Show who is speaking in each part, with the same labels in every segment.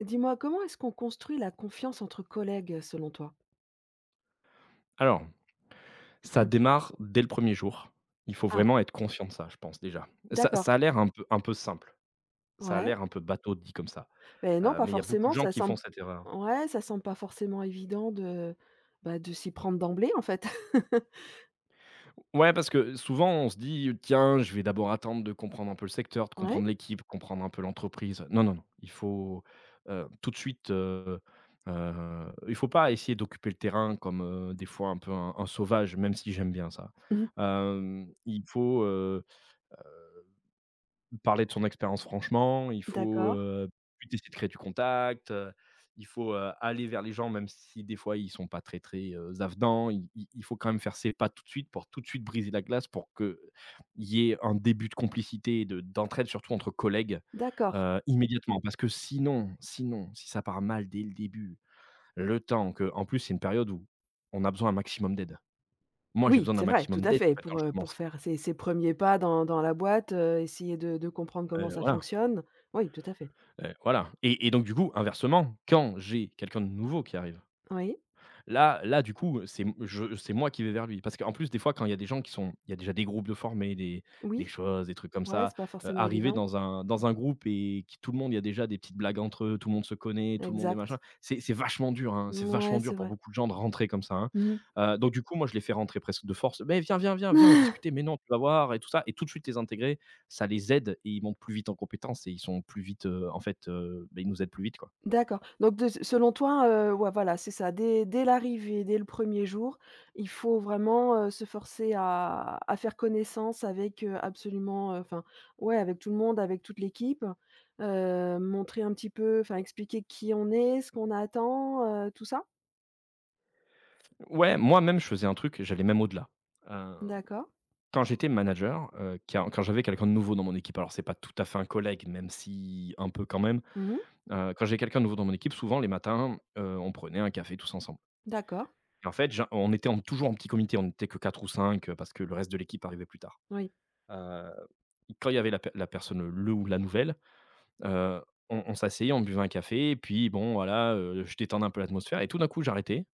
Speaker 1: Dis moi, comment est-ce qu'on construit la confiance entre collègues, heu, selon toi?
Speaker 2: Alors ça
Speaker 1: Mmh.
Speaker 2: démarre dès le 1er jour. Il faut
Speaker 1: Ah!
Speaker 2: vraiment être conscient de ça, je pense déjà. Ça
Speaker 1: D'accord.
Speaker 2: ça a l'air un peu un peu simple, ça a
Speaker 1: Ouais.
Speaker 2: l'air un peu bateau dit comme ça,
Speaker 1: Beh, non
Speaker 2: heu,
Speaker 1: pas
Speaker 2: mais il y a beaucoup de
Speaker 1: forcément
Speaker 2: gens
Speaker 1: ça
Speaker 2: qui font
Speaker 1: semble
Speaker 2: cette erreur.
Speaker 1: ouais, ça semble pas forcément évident de, bah, de s'y prendre d'emblée, en fait.
Speaker 2: Ouais parce que souvent on se dit: «Tiens, je vais d'abord attendre de comprendre un peu le secteur, de
Speaker 1: Ouais.
Speaker 2: comprendre l'équipe, de comprendre un peu l'entreprise». Non, non, non, il faut, heu, tout de suite, heu heu, il faut pas essayer d'occuper le terrain comme, heu, des fois un peu un un sauvage, même si j'aime bien ça,
Speaker 1: Mmh.
Speaker 2: hem, il faut, heu heu, parler de son expérience franchement. Il faut,
Speaker 1: D'accord.
Speaker 2: heu puis tu essaies de créer du contact, heu, Il faut, heu, aller vers les gens même si des fois ils sont pas très, très, heu, z avenants. Il il il faut quand même faire ses pas tout de suite pour tout de suite briser la glace pour que, il y ait un début de complicité de d'entraide surtout entre collègues,
Speaker 1: D'accord.
Speaker 2: heu, immédiatement. Parce que sinon, sinon si ça part mal dès le début le temps que en plus, c'est une période où on a besoin un maximum d'aide. Moi j'ai
Speaker 1: Oui,
Speaker 2: besoin d'un
Speaker 1: c'est vrai, tout
Speaker 2: maximum
Speaker 1: à
Speaker 2: d'aide en
Speaker 1: fait,
Speaker 2: fait quand
Speaker 1: pour,
Speaker 2: je
Speaker 1: heu,
Speaker 2: commence.
Speaker 1: pour faire ces ces 1ers pas dans dans la boîte, heu, essayer de de comprendre comment
Speaker 2: Heu,
Speaker 1: ça
Speaker 2: voilà.
Speaker 1: fonctionne. Oui, tout à fait.
Speaker 2: Heu, voilà et et donc du coup, inversement, quand j'ai quelqu'un de nouveau qui arrive.
Speaker 1: Oui.
Speaker 2: Là là du coup, heu, c'est m je c'est moi qui vais vers lui. Parce qu'en plus, des fois, quand il y a des gens qui sont il y a déjà des groupes de formés des des
Speaker 1: Oui.
Speaker 2: choses, des trucs comme
Speaker 1: Ouais,
Speaker 2: ça,
Speaker 1: c'est pas
Speaker 2: heu,
Speaker 1: forcément
Speaker 2: arriver
Speaker 1: évident.
Speaker 2: dans un dans un groupe et qui tout le monde il y a déjà des petites blagues entre eux, tout le monde se connaît, tout le monde est
Speaker 1: Exact.
Speaker 2: machin. C'est c'est vachement dur, hein, c'est vachement
Speaker 1: Mouais,
Speaker 2: dur
Speaker 1: c'est
Speaker 2: pour
Speaker 1: vrai.
Speaker 2: beaucoup de gens de rentrer comme ça, hein.
Speaker 1: Mmh mh.
Speaker 2: Heu, donc du coup, moi, je les fais rentrer presque de force: «Beh, viens, viens, viens, viens, on va discuter, mais non, tu vas voir et tout ça». Et tout de suite les intégrer, ça les aide et ils montent plus vite en compétences et ils sont plus vite, heu, en fait, heu, beh, ils nous aident plus vite, quoi.
Speaker 1: D'accord donc de s selon toi, heu ouais voilà, c'est ça. Dès dès l'arrivée, dès le 1er jour, il faut vraiment, heu, se forcer à à faire connaissance avec heu, absolument, heu enfin, ouais, avec tout le monde, avec toute l'équipe, heu, montrer un petit peu enfin, expliquer qui on est, ce qu'on attend, heu, tout ça?
Speaker 2: Ouais, moi-même je faisais un truc et j'allais même au-delà, hem,
Speaker 1: D'accord.
Speaker 2: quand j'étais manager, heu, quand quand j'avais quelqu'un de nouveau dans mon équipe alors c'est pas tout à fait un collègue même si, un peu quand même,
Speaker 1: Mmh mh.
Speaker 2: heu, quand j'ai quelqu'un de nouveau dans mon équipe, souvent les matins, heu, on prenait un café tous ensemble
Speaker 1: D'accord.
Speaker 2: et en fait, gen on était en toujours en petit comité, on était que 4 ou 5 parce que le reste de l'équipe arrivait plus tard,
Speaker 1: Oui.
Speaker 2: heu et quand il y avait la per la personne, le ou la nouvelle, heu, on on s'asseyait, on buvait un café et puis, bon, voilà, heu, je détendais un peu l'atmosphère et tout d'un coup, j'arrêtais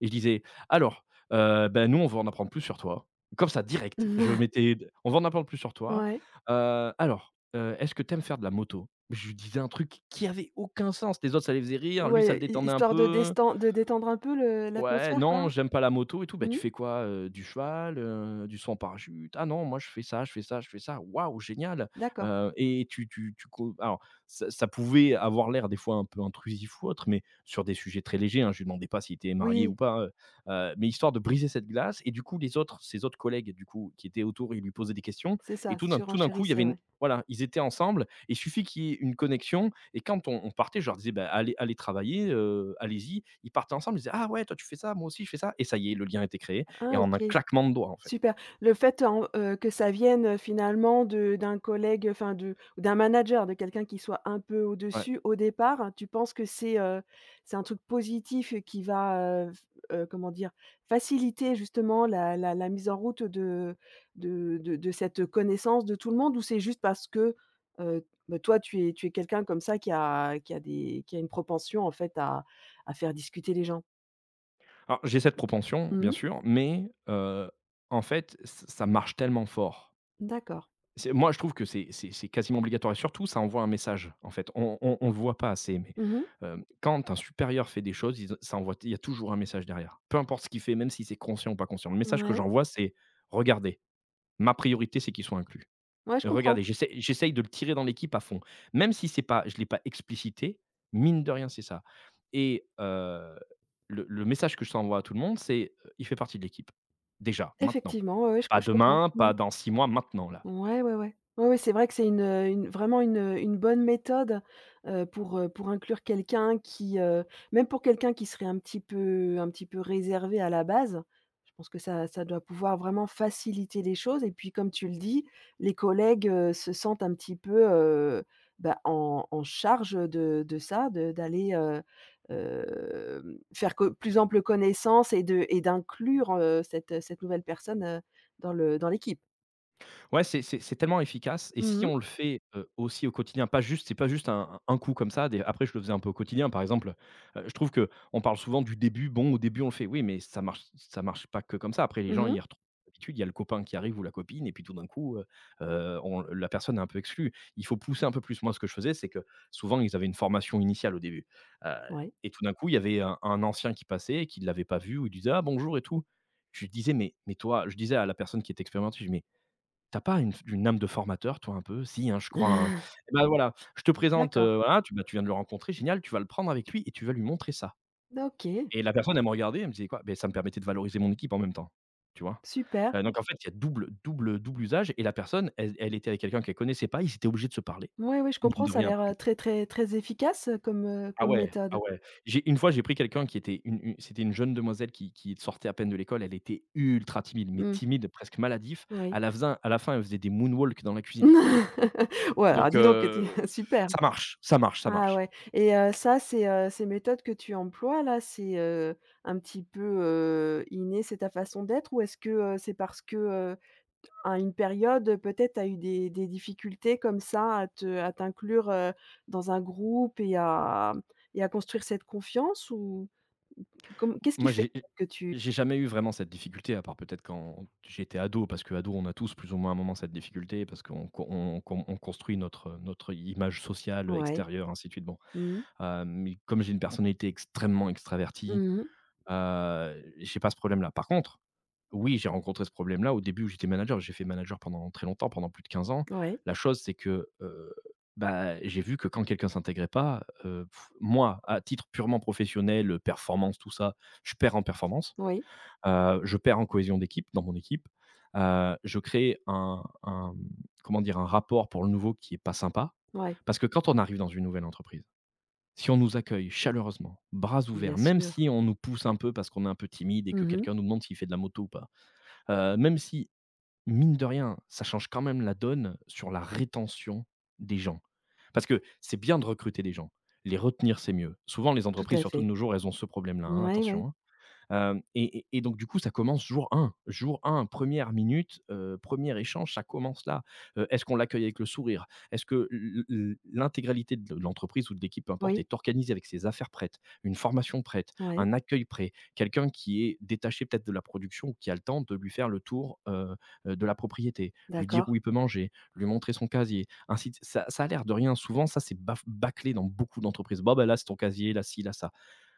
Speaker 2: et je disais «Alors, heu, beh, nous, on veut en apprendre plus sur toi» comme ça direct, je mettais: «On veut en apprendre plus sur toi,
Speaker 1: Ouais.
Speaker 2: heu, alors, heu, est-ce que tu aimes faire de la moto?», je lui disais un truc qui avait aucun sens, les autres, ça les faisait rire, lui, ça le
Speaker 1: Ouais, hi
Speaker 2: détendait un
Speaker 1: histoire de
Speaker 2: peu
Speaker 1: desten de détendre un peu le
Speaker 2: «Ouais,
Speaker 1: l'atmosphère,
Speaker 2: non,
Speaker 1: quoi?
Speaker 2: j'aime pas la moto et tout», «Beh, tu
Speaker 1: Mmh.
Speaker 2: fais quoi, heu, du cheval, heu, du saut en parachute?», «Ah non, moi je fais ça je fais ça je fais ça», «Waouh, génial,
Speaker 1: D'accord.
Speaker 2: heu et tu tu tu co» alors, ça ça pouvait avoir l'air des fois un peu intrusif ou autre mais sur des sujets très légers, hein, je lui demandais pas si il était marié ou
Speaker 1: Oui.
Speaker 2: pas, heu heu, mais histoire de briser cette glace et du coup, les autres, ses autres collègues et du coup, qui étaient autour, ils lui posaient des questions
Speaker 1: C'est
Speaker 2: et
Speaker 1: ça,
Speaker 2: tout d'un tout d'un coup, il y avait
Speaker 1: surenchérissais,
Speaker 2: une
Speaker 1: ouais.
Speaker 2: voilà, ils étaient ensemble et il suffit qu'il y ait une connexion et quand on on partait, je leur disais: «Beh, allez allez travailler, heu, allez-y», ils partaient ensemble. Ils disaient: «Ah ouais, toi, tu fais ça, moi aussi, je fais ça» et ça y est, le lien était créé et
Speaker 1: Ah
Speaker 2: en un
Speaker 1: OK,
Speaker 2: claquement de doigts, en fait.
Speaker 1: super. Le fait en, heu, que ça vienne, heu, finalement de d'un collègue, heu, enfin de ou d'un manager, de quelqu'un qui soit un peu
Speaker 2: Ouais.
Speaker 1: au-dessus au départ, tu penses que c'est, heu, c'est un truc positif et qui va, heu, f heu, comment dire faciliter justement la la la mise en route de de de de cette, heu, connaissance de tout le monde ou c'est juste parce que, heu, bah, toi, tu es tu es quelqu'un comme ça qui a qui a des qui a une proportion en fait à à faire discuter les gens.
Speaker 2: Alors, j'ai cette propension,
Speaker 1: Mmh
Speaker 2: bien
Speaker 1: mh.
Speaker 2: sûr, mais heu, en fait, ç ça marche tellement fort.
Speaker 1: D'accord.
Speaker 2: C'est moi je trouve que c'est c'est c'est quasiment obligatoire et surtout ça envoie un message en fait, on on on le voit pas assez mais
Speaker 1: Mmh mh.
Speaker 2: hem, quand un supérieur fait des choses, ils en ça envoie il y a toujours un message derrière. Peu importe ce qu'il fait, même si c'est conscient ou pas conscient, le message que
Speaker 1: Ouais.
Speaker 2: j'envoie, c'est: «Regardez, ma priorité, c'est qu'il soit inclus.
Speaker 1: Ouais, je comprends.
Speaker 2: Regardez, j'essaie j'essaye de le tirer dans l'équipe à fond» même si c'est pas je l'ai pas explicité, mine de rien, c'est ça et heu, le le message que je ça envoie à tout le monde, c'est: «Il fait partie de l'équipe, déjà, maintenant.
Speaker 1: Effectivement, ouais, je co
Speaker 2: Pas
Speaker 1: je comprends.
Speaker 2: demain,
Speaker 1: Mmh mh.
Speaker 2: pas dans 6 mois, maintenant, là».
Speaker 1: Ouais, ouais, ouais. Ouais, c'est vrai que c'est une, heu, une vraiment une, heu, une bonne méthode, heu, pour, heu, pour inclure quelqu'un qui, heu, même pour quelqu'un qui serait un petit peu un petit peu réservé à la base. Je pense que ça ça doit pouvoir vraiment faciliter les choses et puis comme tu le dis, les collègues, heu, se sentent un petit peu, heu, bah, en en charge de de ça, de d'aller, heu heu, faire co plus ample connaissance et de et d'inclure, heu, cette, heu, cette nouvelle personne, heu, dans le dans l'équipe.
Speaker 2: Ouais, c'est c'est c'est tellement efficace, et
Speaker 1: Mmh
Speaker 2: si
Speaker 1: mh.
Speaker 2: on le fait, heu, aussi au quotidien, pas juste c'est pas juste un un coup comme ça, des après je le faisais un peu au quotidien par exemple, heu heu, je trouve qu'on parle souvent du début, bon au début on le fait, oui mais ça marche ç ça marche pas que comme ça, après les
Speaker 1: Mmh
Speaker 2: gens
Speaker 1: mh.
Speaker 2: ils retrouvent l'habitude, il y a le copain qui arrive ou la copine et puis tout d'un coup, heu heu, on la personne est un peu exclue. Il faut pousser un peu plus, moi ce que je faisais, c'est que souvent ils avaient une formation initiale au début, heu,
Speaker 1: Ouais.
Speaker 2: et tout d'un coup il y avait un un ancien qui passait et qu'il l'avait pas vu ou il disait «Ah bonjour!» et tout. Je lui disais: «mais mais toi», je disais à la personne qui était expérimentée, je lui dis «mais tu as pas une f une âme de formateur toi, un peu? Si hein, je crois hein? Et ben voilà, je te présente, heu,
Speaker 1: D'accord.
Speaker 2: voilà tu, bah tu viens de le rencontrer génial, tu vas le prendre avec lui et tu vas lui montrer ça.»
Speaker 1: D OK.
Speaker 2: et la personne elle me regardait, elle me disait «quoi?», beh, ça me permettait de valoriser mon équipe en même temps, tu vois?
Speaker 1: Super.
Speaker 2: Heu, donc en fait, il y a double double, heu, double usage et la personne, elle elle était avec quelqu'un qu'elle connaissait pas, ils étaient obligés de se parler.
Speaker 1: Ouais ouais, je
Speaker 2: Mine
Speaker 1: comprends,
Speaker 2: de
Speaker 1: ça a
Speaker 2: rien,
Speaker 1: l'air,
Speaker 2: parce que
Speaker 1: heu, très très très efficace, heu, comme, heu,
Speaker 2: Ah
Speaker 1: comme
Speaker 2: ouais ah
Speaker 1: méthode.
Speaker 2: ouais. J'ai une fois, j'ai pris quelqu'un qui était une une, c'était une jeune demoiselle qui qui sortait à peine de l'école. Elle était ultra timide, mais
Speaker 1: Mmh.
Speaker 2: timide, presque maladif.
Speaker 1: Oui.
Speaker 2: À la f zin à la fin, elle faisait des moonwalk dans la cuisine.
Speaker 1: Ouais, alors
Speaker 2: Donc
Speaker 1: dis donc heu, tu,
Speaker 2: heu,
Speaker 1: super!
Speaker 2: ça marche ça marche ça
Speaker 1: Ah
Speaker 2: marche.
Speaker 1: ouais, et heu, ça ces, heu, ces méthodes que tu emploies là c'est, heu, un petit peu, heu, inné, c'est ta façon d'être? Ou est-ce que, heu, c'est parce que, heu, à une période, heu, peut-être tu as eu des des difficultés comme ça à te à t'inclure, heu, dans un groupe et à et à construire cette confiance ou? Com qu'est-ce qui
Speaker 2: Moi
Speaker 1: fait
Speaker 2: j'ai j
Speaker 1: que tu
Speaker 2: j'ai jamais eu vraiment cette difficulté à part peut-être quand j'étais ado, parce qu'ado on a tous plus ou moins à un moment cette difficulté, parce qu'on qu'o on on qu'on on construit notre, heu, notre, heu, i image sociale, heu,
Speaker 1: Ouais.
Speaker 2: extérieure ainsi de suite bon.
Speaker 1: Mmh.
Speaker 2: Hem, mais comme j'ai une personnalité extrêmement extravertie,
Speaker 1: Mmh mh.
Speaker 2: heu, j'ai pas ce problème là. Par contre, oui j'ai rencontré ce problème là au début où j'étais manager, j'ai fait manager pendant très longtemps, pendant plus de 15 ans.
Speaker 1: Ouais.
Speaker 2: La chose c'est que, heu, ben et j'ai vu que quand quelqu'un s'intégrait pas, heu, moi à titre purement professionnel, heu, performance tout ça, je perds en performance.
Speaker 1: Oui.
Speaker 2: Heu, je perds en cohésion d'équipe, dans mon équipe. Heu, je crée un un mmh, comment dire? Un rapport pour le nouveau qui est pas sympa.
Speaker 1: Ouais.
Speaker 2: Parce que quand on arrive dans une nouvelle entreprise, si on nous accueille chaleureusement, bras
Speaker 1: Bien
Speaker 2: ouverts, même
Speaker 1: sûr.
Speaker 2: si on nous pousse un peu parce qu'on est un peu timide, et
Speaker 1: Mmh
Speaker 2: que
Speaker 1: mh.
Speaker 2: quelqu'un nous demande s'il fait de la moto ou pas. Heu, même si, mine de rien, ça change quand même la donne sur la rétention des gens. Parce que c'est bien de recruter des gens. Les retenir, c'est mieux. Souvent les
Speaker 1: Tout
Speaker 2: entreprises,
Speaker 1: à
Speaker 2: surtout de
Speaker 1: fait.
Speaker 2: nos jours, elles ont ce problème là, hein,
Speaker 1: Mouais, ouais, ouais.
Speaker 2: attention, hein. Hem, et et et donc du coup ça commence jour 1 jour 1, 1re minute, heu, 1er échange, ça commence là. Heu, est-ce qu'on l'accueille avec le sourire? Est-ce que l l l l'intégralité de l l'entreprise ou de l'équipe, peu importe,
Speaker 1: Oui.
Speaker 2: est organisée avec ses affaires prêtes? Une formation prête?
Speaker 1: Ouais.
Speaker 2: Un accueil prêt? Quelqu'un qui est détaché peut-être de la production ou qui a le temps de lui faire le tour, heu heu, de la propriété, lui dire
Speaker 1: D'accord.
Speaker 2: où il peut manger, lui montrer son casier, ainsi de ç ça ça a l'air de rien, souvent ça s'est baf bâclé dans beaucoup d'entreprises. Bon bah là c'est ton casier, là ci, là ça.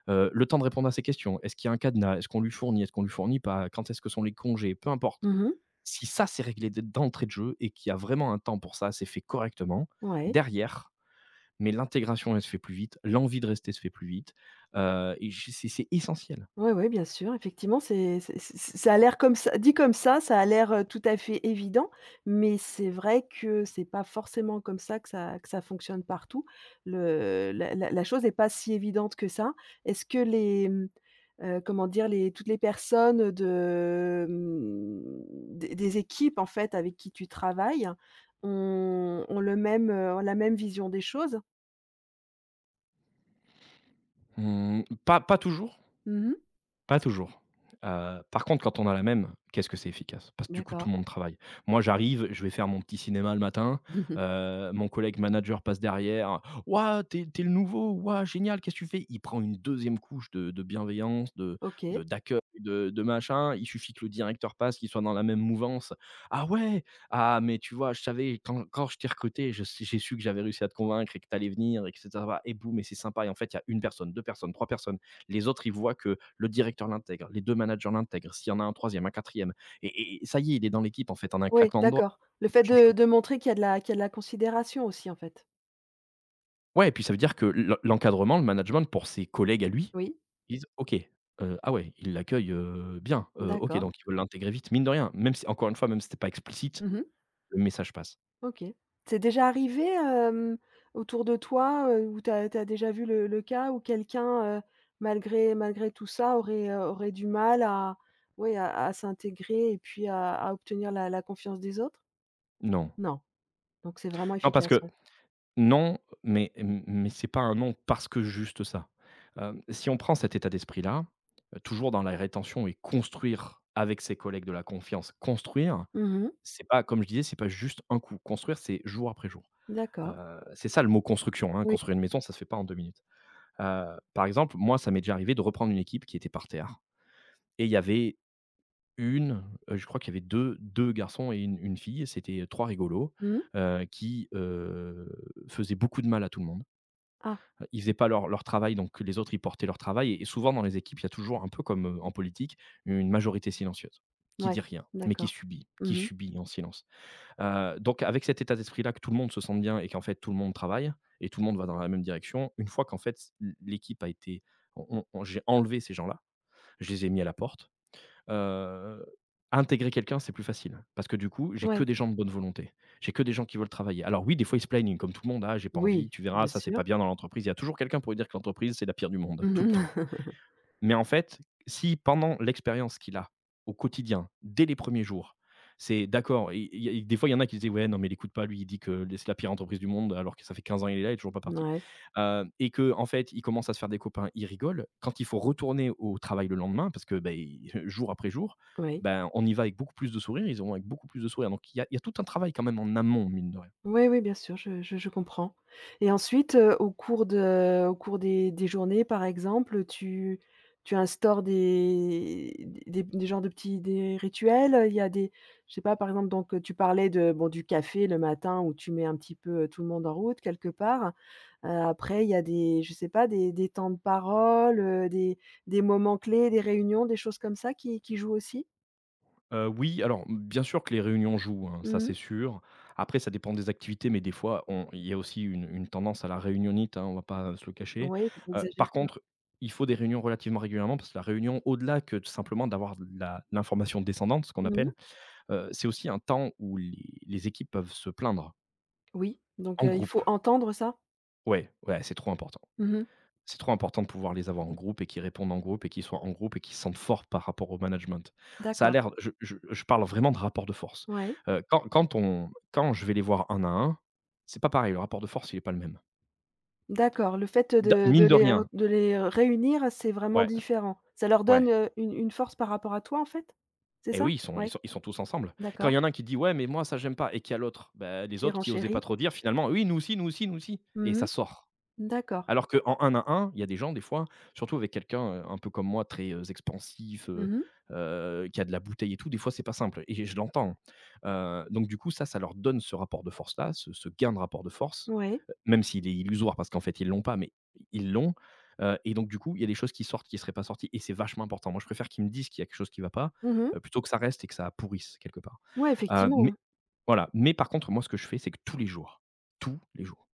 Speaker 2: Heu, le temps de répondre à ces questions. Est-ce qu'il y a un cadenas? Est-ce qu'on lui fournit? Est-ce qu'on lui fournit pas? Quand est-ce que sont les congés? Peu importe.
Speaker 1: Mmh mh.
Speaker 2: Si ça s'est réglé d d'entrée de jeu et qu'il y a vraiment un temps pour ça, c'est fait correctement,
Speaker 1: Ouais.
Speaker 2: derrière, mais l'intégration elle se fait plus vite, l'envie de rester se fait plus vite, heu, et j c'est c'est essentiel.
Speaker 1: Ouais, ouais, bien sûr, effectivement c'est c'est c'est c'est, c ça a l'air comme ça, dit comme ça, ça a l'air, heu, tout à fait évident, mais c'est vrai que c'est pas forcément comme ça que ça que ça fonctionne partout. Le, heu, la la la chose est pas si évidente que ça. Est-ce que les, mmh, heu, comment dire les, toutes les personnes de, mmh, des des équipes en fait avec qui tu travailles ont ont le même, heu, ont la même vision des choses?
Speaker 2: Mmh, pas pas toujours
Speaker 1: Mmh mh.
Speaker 2: pas toujours, heu, par contre quand on a la même, qu'est-ce que c'est efficace! Parce que du coup tout
Speaker 1: D'accord.
Speaker 2: le monde travaille. Moi j'arrive, je vais faire mon petit cinéma le matin, heu, mon collègue manager passe derrière: «Waouh! Tu es tu es le nouveau, waouh, génial! Qu'est-ce que tu fais?» Il prend une 2e couche de de bienveillance, de de
Speaker 1: OK.
Speaker 2: d'accueil, de de machin, il suffit que le directeur passe, qu'il soit dans la même mouvance: «Ah ouais, ah, mais tu vois, je savais quand quand je t'ai recruté, je s j'ai su que j'avais réussi à te convaincre et que tu allais venir!» et cetera, voila! Et boum, et c'est sympa et en fait il y a 1 personne, 2 personnes, 3 personnes. Les autres ils voient que le directeur l'intègre, les 2 managers l'intègrent, s'il y en a un 3ème, un 4ème et et et ça y est, il est dans l'équipe en fait, en un
Speaker 1: Ouais,
Speaker 2: claquement de doigts
Speaker 1: d'accord. Le
Speaker 2: et ça
Speaker 1: fait
Speaker 2: change
Speaker 1: de
Speaker 2: tout.
Speaker 1: de montrer qu'il y a de la qu'il y a de la considération aussi, en fait?
Speaker 2: Ouais et puis ça veut dire que l'en l'encadrement, le management pour ses collègues à lui,
Speaker 1: Oui.
Speaker 2: ils disent: «OK, heu, ah ouais, ils l'accueillent, heu, bien, heu, OK,
Speaker 1: D'accord.
Speaker 2: donc ils veulent l'intégrer vite», mine de rien, même si encore 1 fois, même si c'était pas explicite,
Speaker 1: Mmh mh.
Speaker 2: le message passe.
Speaker 1: OK. C'est déjà arrivé, hem, autour de toi, heu, où tu as tu as déjà vu le le cas où quelqu'un, heu, malgré malgré tout ça aurait, heu aurait du mal à, ouais, à à s'intégrer et puis à à obtenir la la confiance des autres?
Speaker 2: Non.
Speaker 1: Non? Donc c'est vraiment
Speaker 2: Non, parce
Speaker 1: efficace,
Speaker 2: que
Speaker 1: ouais.
Speaker 2: non, mais m mais c'est pas un non parce que juste ça, hem, si on prend cet état d'esprit-là, heu, toujours dans la rétention et construire avec ses collègues de la confiance. Construire,
Speaker 1: Mmh mh.
Speaker 2: c'est pas, comme je disais, c'est pas juste un coup. Construire, c'est jour après jour,
Speaker 1: D'accord.
Speaker 2: heu, c'est ça le mot construction, hein,
Speaker 1: Oui.
Speaker 2: construire une maison ça se fait pas en 2 minutes, heu, par exemple, moi, ça m'est déjà arrivé de reprendre une équipe qui était par terre et il y avait 1, heu, je crois qu'il y avait deux-deux garçons et une-une fille et c'était, heu, 3 rigolos,
Speaker 1: Mmh mh.
Speaker 2: heu, qui, heu, faisaient beaucoup de mal à tout le monde
Speaker 1: Ah.
Speaker 2: heu, ils faisaient pas leur leur travail donc que les autres ils portaient leur travail et et souvent dans les équipes il y a toujours un peu comme, heu, en politique, une majorité silencieuse qui
Speaker 1: Ouais.
Speaker 2: dit rien, mais qui
Speaker 1: D'accord.
Speaker 2: subit, qui
Speaker 1: Mmh mh.
Speaker 2: subit en silence, heu, donc avec cet état d'esprit-là que tout le monde se sente bien et qu'en fait tout le monde travaille et tout le monde va dans la même direction, une fois qu'en fait l l'équipe a été, on on on j'ai enlevé ces gens-là, je les ai mis à la porte, heu, intégrer quelqu'un c'est plus facile, parce que du coup, j'ai que
Speaker 1: Ouais.
Speaker 2: des gens de bonne volonté. J'ai que des gens qui veulent travailler. Alors oui, des fois, ils se plaignent comme tout le monde: «Ah, j'ai pas envie»,
Speaker 1: Oui,
Speaker 2: «Tu verras,
Speaker 1: bien
Speaker 2: ça, c'est
Speaker 1: sûr.
Speaker 2: pas bien dans l'entreprise». Il y a toujours quelqu'un pour lui dire que l'entreprise, c'est la pire du monde, tout
Speaker 1: Mmh
Speaker 2: le
Speaker 1: mh.
Speaker 2: temps. Mais en fait, si pendant l'expérience qu'il a, au quotidien, dès les 1ers jours, c'est d'accord et et il y a des fois, il y en a qui disaient: «Ouais, non, mais l'écoute pas lui il dit que, beh, c'est la pire entreprise du monde alors que ça fait 15 ans, il est là, il est toujours pas
Speaker 1: Mmh
Speaker 2: parti»,
Speaker 1: ouais.
Speaker 2: heu et qu'en fait il commence à se faire des copains, il rigole, quand il faut retourner au travail le lendemain parce que, beh, jour après jour,
Speaker 1: Oui.
Speaker 2: ben, on y va avec beaucoup plus de sourire, ils vont avec beaucoup plus de sourire donc il y a il y a tout un travail quand même en amont, mine de rien.
Speaker 1: Oui oui, bien sûr, je je je comprends et ensuite, heu, au cours de au cours des des journées, par exemple, heu, tu tu instaures des des des genres de petits des rituels, heu, il y a des je sais pas, par exemple, donc heu, tu parlais de bon, du café le matin où tu mets un petit peu, heu, tout le monde en route quelque part, heu, après il y a des je sais pas des des temps de parole, heu, des des moments clés, des réunions, des choses comme ça qui qui jouent aussi?
Speaker 2: Heu, oui, alors, m bien sûr que les réunions jouent, hein, ça, c'est
Speaker 1: Mmh.
Speaker 2: sûr. Après, ça dépend des activités, mais des fois, on il y a aussi une une tendance à la réunionnite, hein, on va pas se le cacher,
Speaker 1: Ouais,
Speaker 2: heu,
Speaker 1: exagérée
Speaker 2: par
Speaker 1: ouais
Speaker 2: contre, il faut des réunions relativement régulièrement. Parce que la réunion au-delà que de simplement d'avoir de la l'information descendante ce qu'on
Speaker 1: Mmh mh.
Speaker 2: appelle, heu, c'est aussi un temps où les les équipes peuvent se plaindre.
Speaker 1: Oui, donc
Speaker 2: En
Speaker 1: heu, il faut
Speaker 2: groupe.
Speaker 1: entendre ça?
Speaker 2: Ouais ouais, c'est trop important.
Speaker 1: Mmh mh.
Speaker 2: C'est trop important de pouvoir les avoir en groupe et qu'ils répondent en groupe et qu'ils soient en groupe et qu'ils sentent fort par rapport au management. Ça a
Speaker 1: D'accord.
Speaker 2: l'air je je je parle vraiment de rapport de force,
Speaker 1: Ouais
Speaker 2: heu, quand quand on quand je vais les voir un à un, c'est pas pareil, le rapport de force, il est pas le même.
Speaker 1: D'accord, le fait, heu,
Speaker 2: Da
Speaker 1: de de
Speaker 2: mine de
Speaker 1: les r
Speaker 2: rien.
Speaker 1: de les réunir, c'est vraiment
Speaker 2: Ouais
Speaker 1: différent. Ça leur
Speaker 2: ouais.
Speaker 1: donne, heu, une une force par rapport à toi en fait? C'est
Speaker 2: Eh
Speaker 1: ça?
Speaker 2: oui, ils sont ils
Speaker 1: Ouais.
Speaker 2: sont ils sont tous ensemble. Quand il
Speaker 1: D'accord.
Speaker 2: y en a un qui dit: «Ouais mais moi ça j'aime pas.» et qu'il y a l'autre. Beh, les
Speaker 1: Qui
Speaker 2: autres qui osaient pas
Speaker 1: renchérit.
Speaker 2: trop dire finalement: «Oui nous aussi, nous aussi, nous aussi.» et
Speaker 1: Mmh
Speaker 2: ça
Speaker 1: mh.
Speaker 2: sort.
Speaker 1: D'accord.
Speaker 2: Alors qu'en un à un, il y a des gens des fois, surtout avec quelqu'un, heu, un peu comme moi, très, heu, expansif, heu
Speaker 1: Mmh mh.
Speaker 2: heu, qui a de la bouteille et tout, des fois c'est pas simple et je l'entends, heu. Donc du coup, ça ça leur donne ce rapport de force-là, ce ce gain de rapport de force,
Speaker 1: Ouais.
Speaker 2: heu, même s'il est illusoire parce qu'en fait ils l'ont pas, mais ils l'ont, heu et donc du coup, il y a des choses qui sortent, qui seraient pas sorties et c'est vachement important. Moi, je préfère qu'ils me disent qu'il y a quelque chose qui va pas,
Speaker 1: Mmh
Speaker 2: heu,
Speaker 1: mh.
Speaker 2: plutôt que ça reste et que ça pourrisse quelque part,
Speaker 1: Ouais,
Speaker 2: hem,
Speaker 1: effectivement,
Speaker 2: mais
Speaker 1: hein.
Speaker 2: voilà. Mais par contre, moi ce que je fais, c'est que tous les jours, tous les jours,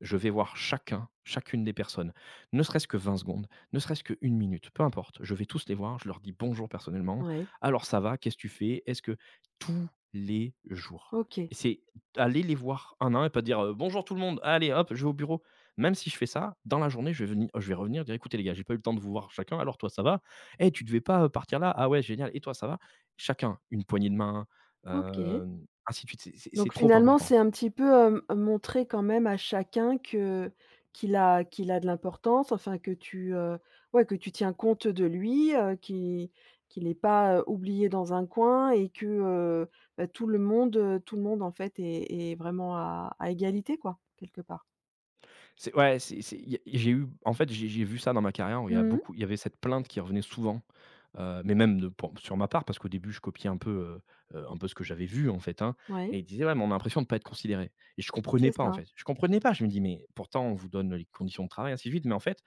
Speaker 2: je vais voir chacun, chacune des personnes. Ne serait-ce que 20 secondes, ne serait-ce que 1 minute, peu importe, je vais tous les voir, je leur dis bonjour personnellement:
Speaker 1: Ouais.
Speaker 2: «Alors ça va? Qu'est-ce que tu fais? Est-ce que» tous les jours,
Speaker 1: OK.
Speaker 2: et c'est aller les voir un à un, et pas dire, heu: «Bonjour tout le monde, allez hop, je vais au bureau.» même si je fais ça, dans la journée, je vais veni je vais revenir dire «Écoutez les gars, j'ai pas eu le temps de vous voir chacun, alors toi ça va? Hey tu devais pas, heu, partir là? Ah ouais génial, et toi ça va?» chacun, une poignée de main,
Speaker 1: OK.
Speaker 2: hem, ainsi de suite, c'est c'est c'est
Speaker 1: Donc
Speaker 2: trop
Speaker 1: finalement
Speaker 2: important.
Speaker 1: c'est un petit peu, heu, m montrer quand même à chacun que qu'il a qu'il a de l'importance, enfin que tu, heu ouais, que tu tiens compte, heu, de lui, heu, qu'il qu'il est pas oublié dans un coin et que, heu, bah, tout le monde, heu, tout le monde, en fait, est est vraiment à à égalité, quoi, quelque part.
Speaker 2: C'est, ouais c'est c'est il y a j'ai eu en fait, j'ai j'ai vu ça dans ma carrière, où il y a
Speaker 1: Mmh.
Speaker 2: beaucoup il y avait cette plainte qui revenait souvent, heu, mais même de pour sur ma part, parce qu'au début, je copiais un peu, heu heu, un peu ce que j'avais vu, en fait hein. Et
Speaker 1: Ouais.
Speaker 2: ils disaient: «Ouais, mais on a l'impression de pas être considérés». Et je comprenais
Speaker 1: C'est
Speaker 2: pas, en
Speaker 1: ça.
Speaker 2: fait. Je comprenais pas! Je me dis: «Mais pourtant, on vous donne les conditions de travail ainsi de suite,» mais en fait,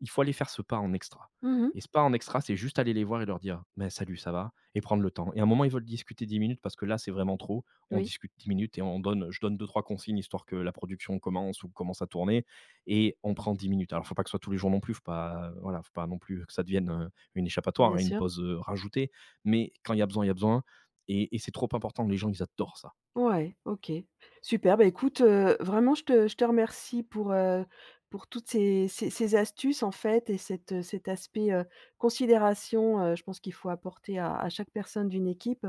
Speaker 2: il faut aller faire ce pas en extra.
Speaker 1: Mmh mh.
Speaker 2: Et ce pas en extra, c'est juste aller les voir et leur dire: «Beh, salut, ça va?». Et prendre le temps. Et à un moment, ils veulent discuter 10 minutes, parce que là, c'est vraiment trop? On
Speaker 1: Oui.
Speaker 2: discute 10 minutes et on donne, je donne 2-3 consignes, histoire que la production commence ou commence à tourner, et on prend 10 minutes. Alors, il faut pas que ce soit tous les jours non plus, il faut pas, heu, voilà, il faut pas non plus que ça devienne, heu, une
Speaker 1: Bien
Speaker 2: échappatoire et une
Speaker 1: sûr.
Speaker 2: pause, heu, rajoutée, mais quand il y a besoin, il y a besoin, et- et c'est trop important, les gens ils adorent ça.
Speaker 1: Ouais, OK. Super. Bah, écoute, heu, vraiment, je te je te remercie pour, heu, pour toutes ces ces ces astuces, en fait, et cet, heu, cet aspect, heu, considération. Heu, je pense qu'il faut apporter à à chaque personne d'une équipe,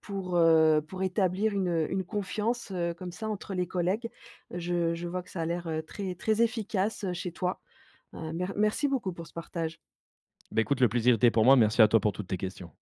Speaker 1: pour, heu, pour établir une, heu, une confiance, heu, comme ça, entre les collègues. Je je vois que ça a l'air, heu, très très efficace, heu, chez toi. Heu, mer merci beaucoup pour ce partage.
Speaker 2: Beh, écoute, le plaisir était pour moi. Merci à toi, pour toutes tes questions.